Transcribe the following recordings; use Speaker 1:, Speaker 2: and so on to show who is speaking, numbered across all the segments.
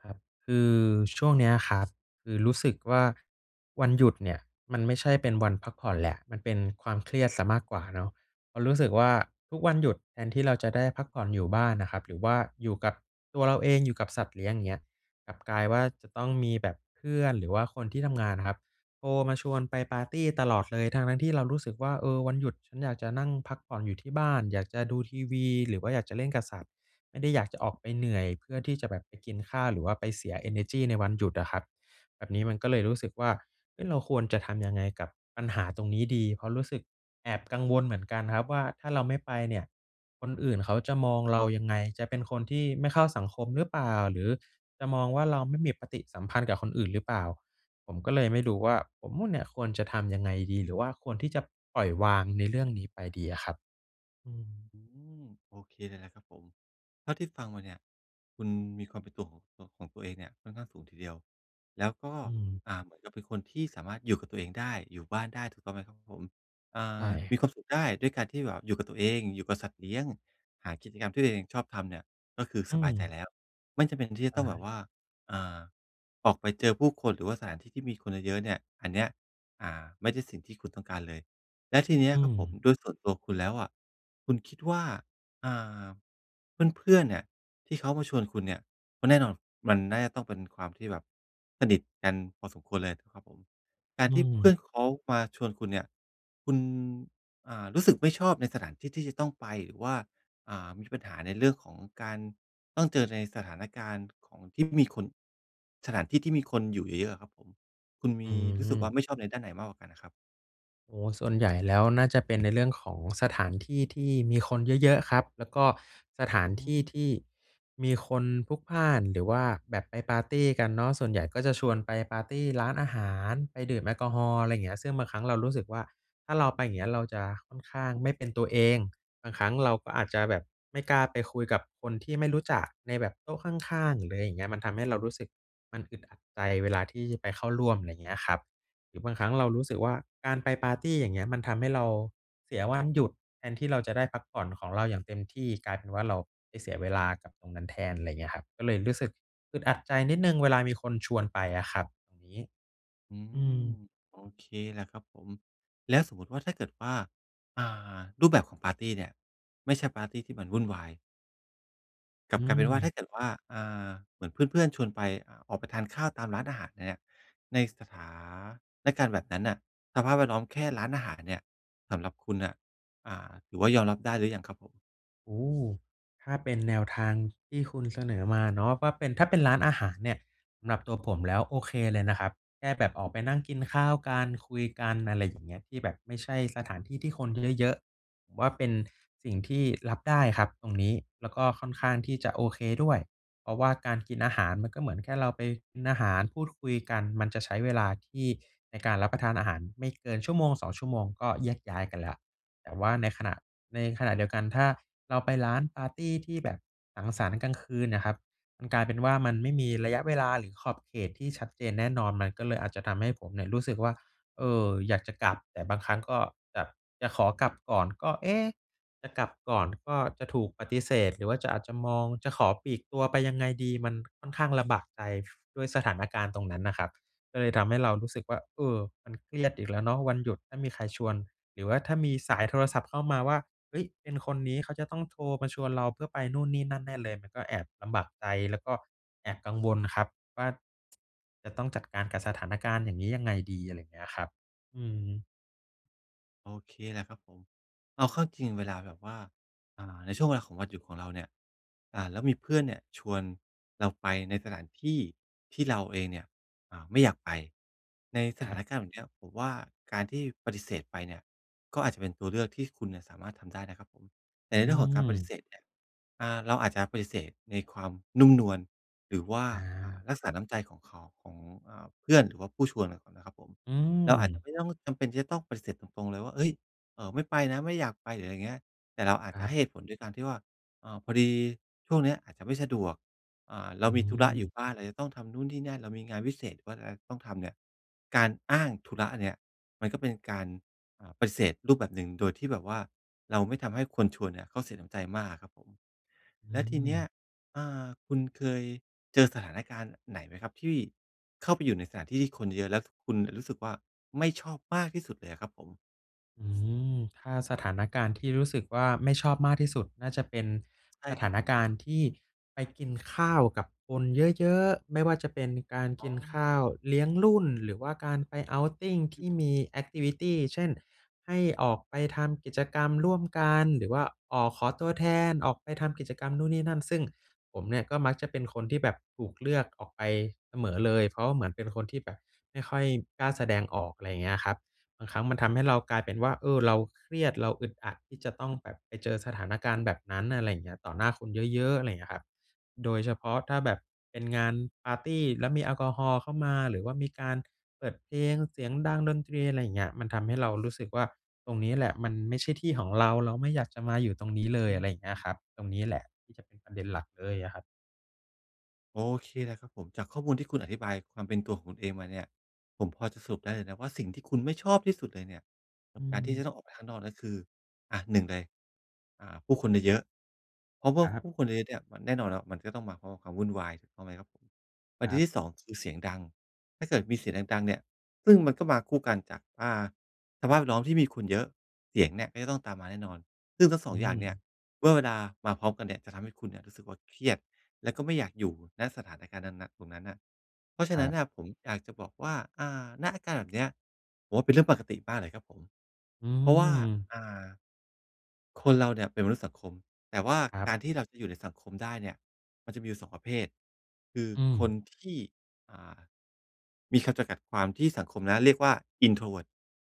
Speaker 1: ครับ คือช่วงเนี้ยครับ คือรู้สึกว่า วันหยุดเนี่ยมันไม่ใช่เป็นวันพักผ่อนแล้ว มันเป็นความเครียดเสียมากกว่าเนาะ เพราะรู้สึกว่า ทุกวันหยุดแทนที่เราจะได้พักผ่อนอยู่บ้านน่ะครับ หรือว่าอยู่กับตัวเราเอง อยู่กับสัตว์เลี้ยงเงี้ย กลับกลายว่า จะต้องมีแบบเพื่อน หรือว่าคนที่ทำงานอะครับ โทรมาชวนไปปาร์ตีตลอดเลย ทั้ง ๆ ที่เรารู้สึกว่า เออ วันหยุดฉันอยากจะนั่งพักผ่อนอยู่ที่บ้าน อยากจะดูทีวี หรือว่าอยากจะเล่นกับสัตว์ ไม่ได้อยากจะออกไปเหนื่อยเพื่อที่จะแบบไปกินข้าว หรือว่าไปเสียเอเนอร์จีในวันหยุดอะครับ แบบนี้มันก็เลยรู้สึกว่า เอ๊ะ เราควรจะทำยังไงกับปัญหาตรงนี้ดี? เพราะรู้สึกแอบกังวลเหมือนกันครับว่า ถ้าเราไม่ไปเนี่ย คนอื่นเขาจะมองเรา ยังไง จะเป็นคนที่ไม่เข้าสังคมหรือเปล่า หรือจะมองว่าเราไม่มีปฏิสัมพันธ์กับคนอื่นหรือเปล่า ผมก็เลยไม่รู้ว่า ผมเนี่ยควรจะทำยังไงดี? หรือว่าควรที่จะปล่อยวางในเรื่องนี้ไปดีอะครับ? อืม
Speaker 2: อืม โอเคเลยแล้วครับผม เท่าที่ฟังมาเนี่ย คุณมีความเป็นตัวของ ข ของตัวเองเนี่ยค่อนข้างสูงทีเดียว แล้วก็
Speaker 1: อืม
Speaker 2: อ่า เหมือนกับเป็นคนที่สามารถอยู่กับตัวเองได้ อยู่บ้านได้ถูกต้องไหมครับผม? อ่
Speaker 1: ใช
Speaker 2: า
Speaker 1: ่
Speaker 2: มีความสุขได้ด้วยการที่แบบอยู่กับตัวเอง อยู่กับสัตว์เลี้ยง หากิจกรรมที่ตัวเองชอบทำเนี่ย ก็คือ
Speaker 1: อื
Speaker 2: สบายใจ
Speaker 1: ม
Speaker 2: แล้ว ไม่จำเป็นที่จะ
Speaker 1: อ
Speaker 2: ต้องแบบ
Speaker 1: า
Speaker 2: ว่า อ่า ออกไปเจอผู้คน หรือว่าสถานที่ที่มีคนเยอะ ๆ เนี่ย อันเนี้ย อ่า ไม่ใช่สิ่งที่คุณต้องการเลย และทีเนี้ย
Speaker 1: อื
Speaker 2: ครับผม
Speaker 1: ม
Speaker 2: ด้วยส่วนตัวคุณแล้วอะ คุณคิดว่า อ่า เพื่อน ๆ เนี่ยที่เขามาชวนคุณเนี่ย ก็แน่นอนมันน่าจะต้องเป็นความที่แบบสนิทกันพอสมควรเลย นะครับผม กา
Speaker 1: อ
Speaker 2: ร
Speaker 1: ื
Speaker 2: ที่เพื่
Speaker 1: ม
Speaker 2: อนเขามาชวนคุณเนี่ย คุณ อ่า รู้สึกไม่ชอบในสถานที่ที่จะต้องไป หรือว่า อ่า มีปัญหาในเรื่องของการต้องเจอในสถานการณ์ของที่มีคน สถานที่ที่มีคนอยู่เยอะ ๆ อะครับผม คุณม
Speaker 1: อื
Speaker 2: ีรู้สึกว่า
Speaker 1: ม
Speaker 2: ไม่ชอบในด้านไหนมากกว่ากันอะครับ?
Speaker 1: โอ้ ส่วนใหญ่แล้วน่าจะเป็นในเรื่องของสถานที่ที่มีคนเยอะ ๆ ครับ แล้วก็สถา
Speaker 2: อ
Speaker 1: น
Speaker 2: ื
Speaker 1: ที่
Speaker 2: ม
Speaker 1: ที่มีคนพลุกพล่าน หรือว่าแบบไปปาร์ตีกันเนาะ ส่วนใหญ่ก็จะชวนไปปาร์ตีร้านอาหาร ไปดื่มแอลกอฮอล์ อะไรอย่างเงี้ย ซึ่งบางครั้งเรารู้สึกว่า ถ้าเราไปอย่างเงี้ย เราจะค่อนข้างไม่เป็นตัวเอง บางครั้งเราก็อาจจะแบบไม่กล้าไปคุยกับคนที่ไม่รู้จัก ในแบบโต๊ะข้าง ๆ หรืออะไรอย่างเงี้ย มันทำให้เรารู้สึก มันอึดอัดใจเวลาที่ไปเข้าร่วม อะไรอย่างเงี้ยครับ หรือบางครั้งเรารู้สึกว่า การไปปาร์ตี อย่างเงี้ย มันทำให้เราเสียวันหยุด แทนที่เราจะได้พักผ่อนของเราอย่างเต็มที่ กลายเป็นว่า เราไปเสียเวลากับตรงนั้นแทน อะไรอย่างเงี้ยครับ ก็เลยรู้สึกอึดอัดใจนิดหนึ่ง เวลามีคนชวนไปอะครับ ยังงี้
Speaker 2: อื
Speaker 1: อื
Speaker 2: ม
Speaker 1: ม
Speaker 2: โอเคแหละครับผม แล้วสมมุติว่าถ้าเกิดว่า อ่า รูปแบบของปาร์ตีเนี่ย ไม่ใช่ปาร์ตีที่มันวุ่นวาย กลั
Speaker 1: อ
Speaker 2: บ
Speaker 1: ื
Speaker 2: กลายเป็นว่าถ้
Speaker 1: ม
Speaker 2: าเกิดว่า อ่า เหมือนเพื่อน ๆ ชวนไป อ ออกไปทานข้าวตามร้านอาหารเนี่ย ใน สถานการณ์ แบบนั้นน่ะ สภาพแวดล้อมแค่ร้านอาหารเนี่ย สำหรับคุณน่ะ อ่า ถือว่ายอมรับได้หรือยังครับผม?
Speaker 1: โอ้โฮ ถ้าเป็นแนวทางที่คุณเสนอมาเนาะว่า เป็น ถ้าเป็นร้านอาหารเนี่ย สำหรับตัวผมแล้วโอเคเลยนะครับ แค่แบบออกไปนั่งกินข้าวกัน คุยกัน อะไรอย่างเงี้ย ที่แบบไม่ใช่สถานที่ที่คนเยอะ ๆ ผมว่าเป็นสิ่งที่รับได้ครับตรงนี้ แล้วก็ค่อนข้างที่จะโอเคด้วย เพราะว่า การกินอาหารมันก็เหมือนแค่เราไปกินอาหาร พูดคุยกัน มันจะใช้เวลาที่ในการรับประทานอาหารไม่เกิน 1-2 ชั่วโมง ก็แยกย้ายกันแล้ว แต่ว่าในขณะ ในขณะเดียวกัน ถ้าเราไปร้านปาร์ตีที่แบบสังสรรค์กลางคืนเนี่ยครับ มันกลายเป็นว่า มันไม่มีระยะเวลา หรือขอบเขตที่ชัดเจนแน่นอน มันก็เลยอาจจะทำให้ผมเนี่ยรู้สึกว่า เอ่อ อยากจะกลับ แต่บางครั้งก็แบบจะขอกลับก่อนก็ เอ๊ะ จะกลับก่อนก็จะถูกปฏิเสธ หรือว่าจะ อาจจะมอง จะขอปลีกตัวไปยังไงดี มันค่อนข้างลำบากใจ ด้วยสถานการณ์ตรงนั้นอะครับ ก็เลยทำให้เรารู้สึกว่า เออ มันเครียดอีกแล้วเนาะ วันหยุดถ้ามีใครชวน หรือว่าถ้ามีสายโทรศัพท์เข้ามาว่า เฮ้ย เป็นคนนี้เขาจะต้องโทรมาชวนเราเพื่อไปนู่นนี่นั่นแน่เลย มันก็แอบลำบากใจ แล้วก็แอบกังวลครับว่า จะต้องจัดการกับสถานการณ์อย่างนี้ยังไงดี? อะไรอย่างเงี้ยครับ อืม
Speaker 2: โอเคแหละครับผม เอาเข้าจริงเวลาแบบว่า อ่า ในช่วงเวลาของวันหยุดของเราเนี่ย อ่า แล้วมีเพื่อนเนี่ยชวนเราไปในสถานที่ ที่เราเองเนี่ย อ่า ไม่อยากไปในส
Speaker 1: ค
Speaker 2: ถ
Speaker 1: รั
Speaker 2: า
Speaker 1: บ
Speaker 2: นการณ์แบบเนี้ย ผมว่า การที่ปฏิเสธไปเนี่ย ก็อาจจะเป็นตัวเลือกที่คุณน่ะสามารถทำได้นะครับผม แต
Speaker 1: อ
Speaker 2: ่
Speaker 1: ื
Speaker 2: ในเรื่องของการปฏิ
Speaker 1: ม
Speaker 2: เสธเนี่ย อ่า เราอาจจะปฏิเสธในความนุ่มนวลหรือว่า
Speaker 1: อ
Speaker 2: อ่า
Speaker 1: า
Speaker 2: รักษาน้ำใจของเขา ของ อ่า เพื่อน หรือว่าผู้ชวนก่อนนะครับผม
Speaker 1: อื
Speaker 2: เราอาจจะ
Speaker 1: ม
Speaker 2: ไม่ต้องจำเป็นที่จะต้องปฏิเสธตรง ๆ เลยว่า เฮ้ย! เออ ไม่ไปนะ ไม่อยากไป หรืออะไรอย่างเงี้ย แต่เราอา
Speaker 1: ค
Speaker 2: จจ
Speaker 1: ร
Speaker 2: ะ
Speaker 1: ั
Speaker 2: ให
Speaker 1: บ
Speaker 2: ้เหตุผลด้วยการที่ว่า "เอ่อ พอดีช่วงเนี้ยอาจจะไม่สะดวก อ่า เร
Speaker 1: อ
Speaker 2: า
Speaker 1: ื
Speaker 2: มีธุระอยู่
Speaker 1: ม
Speaker 2: บ้าน [unintelligible] เราจะต้องทำนู้นนี่นั่น เรามีงานวิเศษ หรือว่าจะต้องทำเนี่ย" การอ้างธุระเนี่ยมันก็เป็นการ อ่า ปฏิเสธรูปแบบหนึ่ง โดยที่แบบว่าเราไม่ทำให้คนชวนเนี่ยเขาเสียน้ำใจมากครับผม
Speaker 1: อื
Speaker 2: แล้วทีเนี้
Speaker 1: ม
Speaker 2: ย อ่า คุณเคยเจอสถานการณ์ไหนไหมครับ ที่เข้าไปอยู่ในสถานที่ที่คนเยอะ แล้วคุณรู้สึกว่า ไม่ชอบมากที่สุดเลยอะครับผม?
Speaker 1: อืม ถ้าสถานการณ์ที่รู้สึกว่า ไม่ชอบมากที่สุด น่าจะเป็น
Speaker 2: ใช่
Speaker 1: ส
Speaker 2: ค
Speaker 1: ถ
Speaker 2: รั
Speaker 1: า
Speaker 2: บ
Speaker 1: น
Speaker 2: ผ
Speaker 1: ก
Speaker 2: ม
Speaker 1: ารณ์ที่ไปกินข้าวกับคนเยอะ ๆ ไม่ว่าจะเป็นการ
Speaker 2: อ๋
Speaker 1: กิ
Speaker 2: อ
Speaker 1: นข้าวเลี้ยงรุ่น หรือว่าการไป outing ท
Speaker 2: อ
Speaker 1: ี่ม
Speaker 2: ืม
Speaker 1: ี แอกทิวิตี เช่น ให้ออกไปทำกิจกรรมร่วมกัน หรือว่า อ้อ ขอตัวแทน ออกไปทำกิจกรรมนู่นนี่นั่น ซึ่งผมเนี่ยก็มักจะเป็นคนที่แบบถูกเลือกออกไปเสมอเลย เพราะว่าเหมือนเป็นคนที่แบบไม่ค่อยกล้าแสดงออก ไรเงี้ยครับ บางครั้งมันท
Speaker 2: อือ
Speaker 1: ำให้เรากลายเป็นว่า เออ เราเครียดเราอึดอัดที่จะต้องแบบไปเจอสถานการณ์แบบนั้น อะไรอย่างเงี้ย ต่อหน้าคนเยอะ ๆ อะไรเงี้ยครับ โดยเฉพาะถ้าแบบเป็นงานปาร์ตี้ แล้วมีแอลกอฮอล์เข้ามา หรือว่ามีการเปิดเพลงเสียงดัง ดนตรี อะไรเงี้ย มันทำให้เรารู้สึกว่า ตรงนี้แหละมันไม่ใช่ที่ของเรา เราไม่อยากจะมาอยู่ตรงนี้เล
Speaker 2: อ
Speaker 1: ย อ
Speaker 2: ื
Speaker 1: ะไรเงี้ย
Speaker 2: ม
Speaker 1: ครับ ตรงนี้แหละที่จะเป็นประเด็นหลักเลยอะครับ
Speaker 2: โอเคเลยครับผม จากข้อมูลที่คุณอธิบายความเป็นตัวของคุณเองมาเนี่ย ผมพอจะสรุปได้เลยนะว่า สิ่งที่คุณไม่ชอบที่สุดเลยเนี่ยก
Speaker 1: อ
Speaker 2: ับการที่จ
Speaker 1: ืม
Speaker 2: ะต้องออกไปข้างนอกนั้นคือ อะ 1 เลย อ่า ผู้คนเยอะ ๆ เพราะว่า
Speaker 1: ครับ
Speaker 2: ผู้คนเยอะ ๆ เนี่ย มันแน่นอนครับ มันก็ต้องมาพร้อมกับความวุ่นวายถูกไหมครับผม? ประ
Speaker 1: ค
Speaker 2: เด
Speaker 1: ร
Speaker 2: ็
Speaker 1: ั
Speaker 2: น
Speaker 1: บ
Speaker 2: ที่ 2 คือเสียงดัง ถ้าเกิดมีเสียงดัง ๆ เนี่ย ซึ่งมันก็มาคู่กันจากว่า สภาพแวดล้อมที่มีคนเยอะ เสียงเนี่ยก็จะต้องตามมาแน่นอน ซึ่งทั้ง สอ
Speaker 1: อื
Speaker 2: ง อย่างเนี่ย
Speaker 1: ม
Speaker 2: เมื่อเวลามาพร้อมกันเนี่ย จะทำให้คุณเนี่ยรู้สึกว่า เครียดและก็ไม่อยากอยู่ ณ สถานการณ์นั้น ณ ตรงนั้นน่ะ เพราะฉ
Speaker 1: ค
Speaker 2: ะ
Speaker 1: ร
Speaker 2: นั
Speaker 1: ั
Speaker 2: ้น
Speaker 1: บ
Speaker 2: น่ะผมอยากจะบอกว่า อ่า ณ อาการแบบเนี้ย ผมว่าเป็นเรื่องปกติมากเลยครับผม
Speaker 1: อื
Speaker 2: เพราะว่า
Speaker 1: ม
Speaker 2: อ่า คนเราเนี่ยเป็นมนุษย์สังคม แต่ว่า
Speaker 1: ครั
Speaker 2: ก
Speaker 1: บ
Speaker 2: ารที่เราจะอยู่ในสังคมได้เนี่ยมันจะมีอยู่ 2 ประเภท คือ
Speaker 1: อื
Speaker 2: คน
Speaker 1: ม
Speaker 2: ที่ อ่า มีคำจำกัดความที่สังคมนะเรียกว่า introvert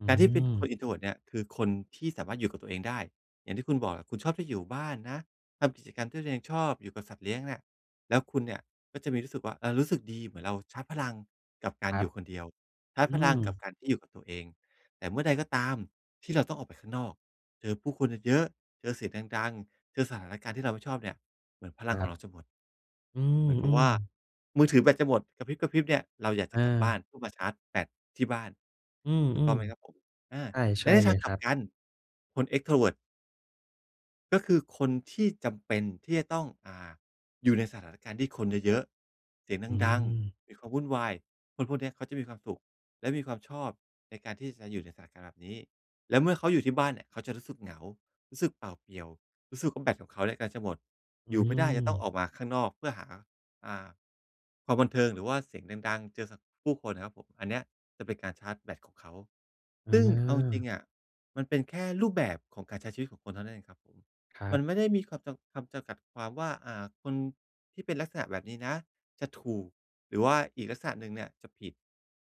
Speaker 1: อื
Speaker 2: การที่เป็นคน
Speaker 1: ม
Speaker 2: introvert เนี่ยคือคนที่สามารถอยู่กับตัวเองได้ อย่างที่คุณบอกอะคุณชอบที่อยู่บ้านนะ ทำกิจกรรมที่ตัวเองชอบอยู่กับสัตว์เลี้ยงเนี่ย แล้วคุณเนี่ยก็จะมีรู้สึกว่า เอ่อ รู้สึกดีเหมือนเราชาร์จพลังกับกา
Speaker 1: ค
Speaker 2: ร
Speaker 1: ร
Speaker 2: อ
Speaker 1: ั
Speaker 2: ยู
Speaker 1: บ
Speaker 2: ่คนเดียว ชาร์จ
Speaker 1: อื
Speaker 2: พลังกับ
Speaker 1: ม
Speaker 2: การที่อยู่กับตัวเอง แต่เมื่อใดก็ตามที่เราต้องออกไปข้างนอก เจอผู้คนเยอะ ๆ เจอเสียงดัง ๆ เจอสถานการณ์ที่เราไม่ชอบเนี่ย เหมือนพลั
Speaker 1: ค
Speaker 2: ง
Speaker 1: ร
Speaker 2: ขอ
Speaker 1: ั
Speaker 2: งเ
Speaker 1: บ
Speaker 2: ราจะหมด
Speaker 1: อื
Speaker 2: เหมือนกับว่า
Speaker 1: ม ๆ
Speaker 2: มือถือแบตจะหมดกระพริบ ๆ เนี่ย เราอยากจ
Speaker 1: เ
Speaker 2: ะ
Speaker 1: อ
Speaker 2: กลับบ้
Speaker 1: อ
Speaker 2: านเพื่อมาชาร์จแบตที่บ้าน
Speaker 1: อื
Speaker 2: ถูกต้อ
Speaker 1: ม
Speaker 2: งไหมครับผม? อา
Speaker 1: ๆ ใช่
Speaker 2: แ
Speaker 1: ใ
Speaker 2: ล
Speaker 1: ช
Speaker 2: ะ
Speaker 1: ่
Speaker 2: ในท
Speaker 1: เล
Speaker 2: าง
Speaker 1: ย
Speaker 2: ก
Speaker 1: ค
Speaker 2: ลั
Speaker 1: ร
Speaker 2: บ
Speaker 1: ับ
Speaker 2: กัน คน extrovert ก็คือคนที่จำเป็นที่จะต้อง อ่า อยู่ในสถานการณ์ ที่คนเยอะ ๆ เสีย
Speaker 1: อื
Speaker 2: งดัง
Speaker 1: ม
Speaker 2: ๆ มีความวุ่นวาย คนพวกเนี้ยเขาจะมีความสุข และมีความชอบในการที่จะอยู่ในสถานการณ์แบบนี้ และเมื่อเขาอยู่ที่บ้านเนี่ย เขาจะรู้สึกเหงา รู้สึกเปล่าเปลี่ยว รู้สึกว่า แบตของเขาเนี่ยกำลังจะหมด
Speaker 1: อื
Speaker 2: อยู่ไม่ได้จะต้อง
Speaker 1: ม
Speaker 2: ออกมาข้างนอก เพื่อหา อ่า ความบันเทิง หรือว่าเสียงดัง ๆ เจอสะ ผู้คนนะครับผม อันเนี้ยจะเป็นการชาร์จแบตของเขา ซึ่งเอาจริ
Speaker 1: อ
Speaker 2: ง
Speaker 1: า
Speaker 2: ๆ อะ มันเป็นแค่รูปแบบของการใช้ชีวิตของคนเท่านั้นเองครับผม
Speaker 1: ครั
Speaker 2: มั
Speaker 1: บ
Speaker 2: นไม่ได้มีคำจำ คำจำกัดความว่า อ่า คนที่เป็นลักษณะแบบนี้นะจะถูก หรือว่าอีกลักษณะหนึ่งเนี่ยจะผิด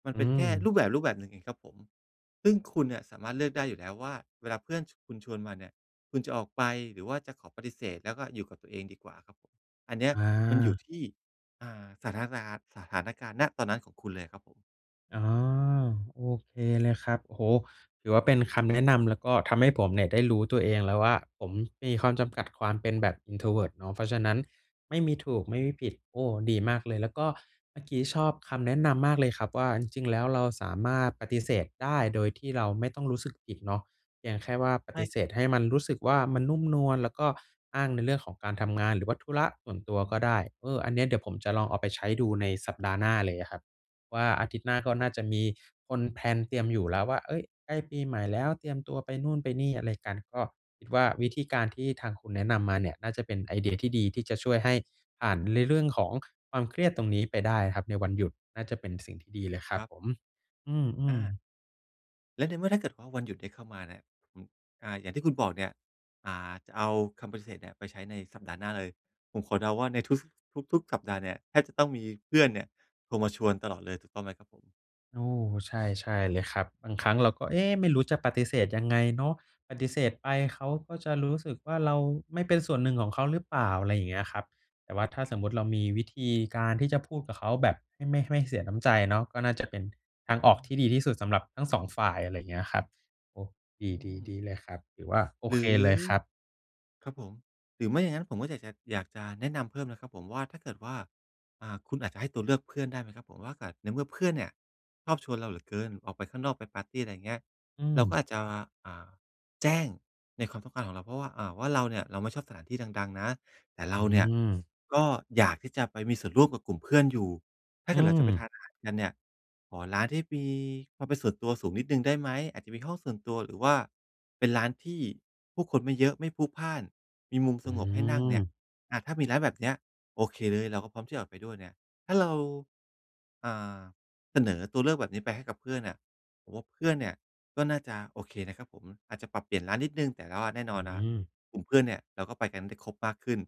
Speaker 2: มัน
Speaker 1: อื
Speaker 2: เป็นแค่
Speaker 1: ม
Speaker 2: รูปแบบ รูปแบบหนึ่งเองครับผม ซึ่งคุณเนี่ยสามารถเลือกได้อยู่แล้วว่า เวลาเพื่อน ช คุณชวนมาเนี่ย คุณจะออกไป หรือว่าจะขอปฏิเสธ แล้วก็อยู่กับตัวเองดีกว่าครับผม อันเนี้ย
Speaker 1: อ
Speaker 2: มันอยู่
Speaker 1: า
Speaker 2: ที่ อ่า สถานซาน สถานการณ์ ณ ตอนนั้น ของคุณเลยครับผม
Speaker 1: อ๋อ โอเคเลยครับ โอ้โฮ! ถือว่าเป็นคำแนะนำ แล้วก็ทำให้ผมเนี่ย ได้รู้ตัวเองแล้วว่า ผมมีความจำกัดความเป็นแบบ introvert เนาะ เพราะฉะนั้นไม่มีถูก ไม่มีผิด โอ้! ดีมากเลย แล้วก็เมื่อกี้ชอบคำแนะนำมากเลยครับว่า จริง ๆ แล้วเราสามารถปฏิเสธได้ โดยที่เราไม่ต้องรู้สึกผิดเนาะ เพียงแค่ว่าป
Speaker 2: ใช
Speaker 1: ฏ
Speaker 2: ่
Speaker 1: ิเสธให้มันรู้สึกว่า มันนุ่มนวล แล้วก็อ้างในเรื่องของการทำงาน หรือว่าธุระส่วนตัวก็ได้ เออ อันเนี้ยเดี๋ยวผมจะลองเอาไปใช้ดู ในสัปดาห์หน้าเลยอะครับว่า อาทิตย์หน้าก็
Speaker 2: ผ
Speaker 1: น่าจะ
Speaker 2: ม
Speaker 1: มีคนแพลนเตรียมอยู่แล้วว่า เฮ้ย! ใกล้ปีใหม่แล้ว เตรียมตัวไปนู่น ไปนี่อะไรกัน ก็คิดว่า วิธีการที่ทางคุณแนะนำมาเนี่ย น่าจะเป็นไอเดีย ที่ดี ที่จะช่วยให้ผ่านในเรื่องของความเครียดตรงนี้ไปได้อะครับ ในวันหยุด น่าจะเป็นสิ่งที่ดีเลยคร
Speaker 2: ค
Speaker 1: ั
Speaker 2: ร
Speaker 1: บ
Speaker 2: ับ
Speaker 1: ผม อื
Speaker 2: อ
Speaker 1: อ
Speaker 2: า
Speaker 1: ๆ
Speaker 2: และในเมื่อถ้าเกิดว่า วันหยุดได้เข้ามาเนี่ย อืม อ่า อย่างที่คุณบอกเนี่ย อ่า จะเอาคำปฏิเสธเนี้ยไปใช้ในสัปดาห์หน้าเลย ผมขอเดาว่าในทุก ส ทุก ๆ สัปดาห์เนี่ยแทบจะต้องมีเพื่อนเนี่ยโทรมาชวนตลอดเลย ถูกต้องไหมครับผม?
Speaker 1: โอ้โฮ ใช่ ๆ เลยครับ บางครั้งเราก็ เอ๊ะ ไม่รู้จะปฏิเสธยังไงเนาะ ปฏิเสธไปเขาก็จะรู้สึกว่า เราไม่เป็นส่วนหนึ่งของเขาหรือเปล่า อะไรอย่างเงี้ยครับ แต่ว่าถ้าสมมติเรามีวิธีการที่จะพูดกับเขาแบบให้ ไม่ให้เสียน้ำใจเนาะ ก็น่าจะเป็นทางอ
Speaker 2: อ
Speaker 1: อ
Speaker 2: ื
Speaker 1: กที่ด
Speaker 2: ม
Speaker 1: ีที่สุดสำหรับทั้ง 2 ฝ่าย อะไรอย่างเงี้ยครับ โอ้
Speaker 2: อื
Speaker 1: ดี ๆ ด
Speaker 2: ม
Speaker 1: ีเลยครับ ถือว่าโอ
Speaker 2: หร
Speaker 1: เค
Speaker 2: ือ
Speaker 1: เลยครับ
Speaker 2: ครับผม หรือไม่อย่างงั้นผมก็อยากจะ อยากจะแนะนำเพิ่มนะครับผมว่าถ้าเกิดว่า อ่า คุณอาจจะให้ตัวเลือกเพื่อนได้ไหมครับผม เพราะว่าอาจ ในเมื่อเพื่อนเนี่ยชอบชวนเราเหลือเกิน ออกไปข้างนอก ไปปาร์ตี อะไรอย่างเงี้ย
Speaker 1: อื
Speaker 2: เราก
Speaker 1: ม
Speaker 2: ็อาจจะ อ่า แจ้งในความต้องการของเรา เพราะว่า อ่า ว่าเราเนี่ย เราไม่ชอบสถานที่ดัง ๆ นะ แต่เร
Speaker 1: อ
Speaker 2: า
Speaker 1: ื
Speaker 2: เนี่ย
Speaker 1: ม
Speaker 2: ก็อยากที่จะไปมีส่วนร่วมกับกลุ่มเพื่อนอยู่ ถ้า
Speaker 1: อื
Speaker 2: เกิดเราจะไปท
Speaker 1: ม
Speaker 2: านอาหารกันเนี่ย ขอร้านที่มีความเป็นส่วนตัวสูงนิดหนึ่งได้ไหม อาจจะมีห้องส่วนตัว หรือว่าเป็นร้านที่ผู้คนไม่เยอะ ไม่พลุกพล่าน มีมุม
Speaker 1: อ
Speaker 2: ส
Speaker 1: ื
Speaker 2: งบให้นั่งเนี่ย
Speaker 1: ม
Speaker 2: อา ถ้ามีร้านแบบนี้โอเคเลย เราก็พร้อมที่จะออกไปด้วยเนี่ย ถ้าเรา อ่า เสนอตัวเลือกแบบนี้ไปให้กับเพื่อนเนี่ย ผมว่าเพื่อนเนี่ยก็น่าจะโอเคนะครับผม อาจจะปรับเปลี่ยนร้านนิดหนึ่งแต่รอดแน่น
Speaker 1: อื
Speaker 2: อนนะครับ
Speaker 1: ม
Speaker 2: กลุ่มเพื่อนเนี่ยเราก็ไปกันได้ครบมากขึ้น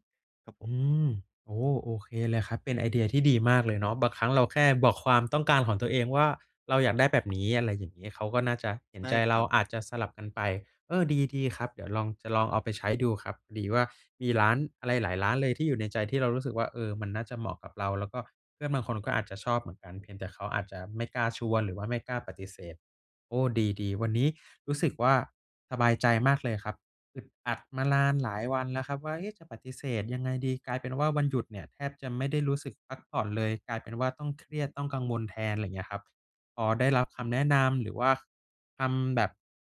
Speaker 2: ครับผ
Speaker 1: อื
Speaker 2: ม
Speaker 1: ม โอ้โฮ โอเคเลยครับ เป็นไอเดียที่ดีมากเลยเนาะ บางครั้งเราแค่บอกความต้องการของตัวเองว่า เราอยากได้แบบนี้ อะไรอย่างนี้ เขาก็น่าจะเห็
Speaker 2: ใ
Speaker 1: น
Speaker 2: ช่
Speaker 1: ใจ
Speaker 2: ค
Speaker 1: เร
Speaker 2: ร
Speaker 1: า
Speaker 2: ับ
Speaker 1: อาจจะสลับกันไป เออ ดี ๆ ครับ เดี๋ยวลอง จะลองเอาไปใช้ดูครับ พอดีว่ามีร้านอะไรหลายร้านเลยที่อยู่ในใจ ที่เรารู้สึกว่า เออ มันน่าจะเหมาะกับเรา แล้วก็เพื่อนบางคนก็อาจจะชอบเหมือนกัน เพียงแต่เขาอาจจะไม่กล้าชวน หรือว่าไม่กล้าปฏิเสธ โอ้ ดี ๆ วันนี้รู้สึกว่าสบายใจมากเลยครับ อึดอัดมานานหลายวันแล้วครับว่า เอ๊ะ จะปฏิเสธยังไงดี กลายเป็นว่าวันหยุดเนี่ยแทบจะไม่ได้รู้สึกพักผ่อนเลย กลายเป็นว่าต้องเครียด ต้องกังวลแทน อะไรอย่างเงี้ยครับ พอได้รับคำแนะนำหรือว่าทำแบบ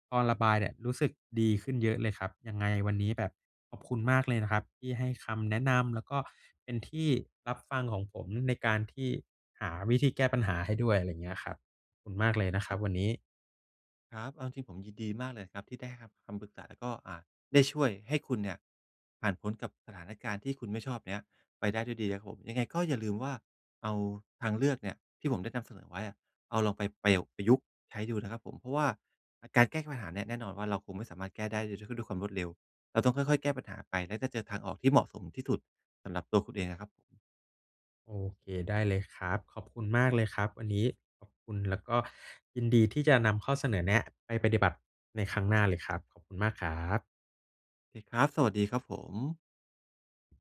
Speaker 1: พอระบายเนี่ยรู้สึกดีขึ้นเยอะเลยครับ ยังไงวันนี้แบบขอบคุณมากเลยนะครับที่ให้คำแนะนำ แล้วก็เป็นที่รับฟังของผมในการที่หาวิธีแก้ปัญหาให้ด้วย อะไรอย่างเงี้ยครับ ขอบคุณมากเลยนะค
Speaker 2: ค
Speaker 1: ร
Speaker 2: ร
Speaker 1: ั
Speaker 2: ั
Speaker 1: บ
Speaker 2: บ
Speaker 1: ว
Speaker 2: ผ
Speaker 1: ัน
Speaker 2: ม
Speaker 1: นี้
Speaker 2: ครับ เอาจริง ๆ ผมยินดีมากเลยครับ ที่ได้รับ คำปรึกษาแล้วก็ อ่า ได้ช่วยให้คุณเนี่ยผ่านพ้นกับสถานการณ์ที่คุณไม่ชอบเนี้ย ไปได้ด้วยดีครับผม ยังไงก็อย่าลืมว่าเอาทางเลือกเนี่ย ที่ผมได้นำเสนอไว้อะ เอาลองไปประโยค ประยุกต์ใช้ดูนะครับผม เพราะว่าอะ การแก้ปัญหาเนี่ยแน่นอนว่า เราคงไม่สามารถแก้ได้ด้วย ด้วยความรวดเร็ว เราต้องค่อย ๆ แก้ปัญหาไป แล้วจะเจอทางออกที่เหมาะสมที่สุดสำหรับตัวคุณเองอะครับผม
Speaker 1: โอเค ได้เลยครับ ขอบคุณมากเลยครับวันนี้ ขอบคุณ แล้วก็ยินดีที่จะนำข้อเสนอแนะไปปฏิบัติในครั้งหน้าเลยครับ ขอบคุณมากครับ
Speaker 2: โอเคครับ สวัสดีครับผม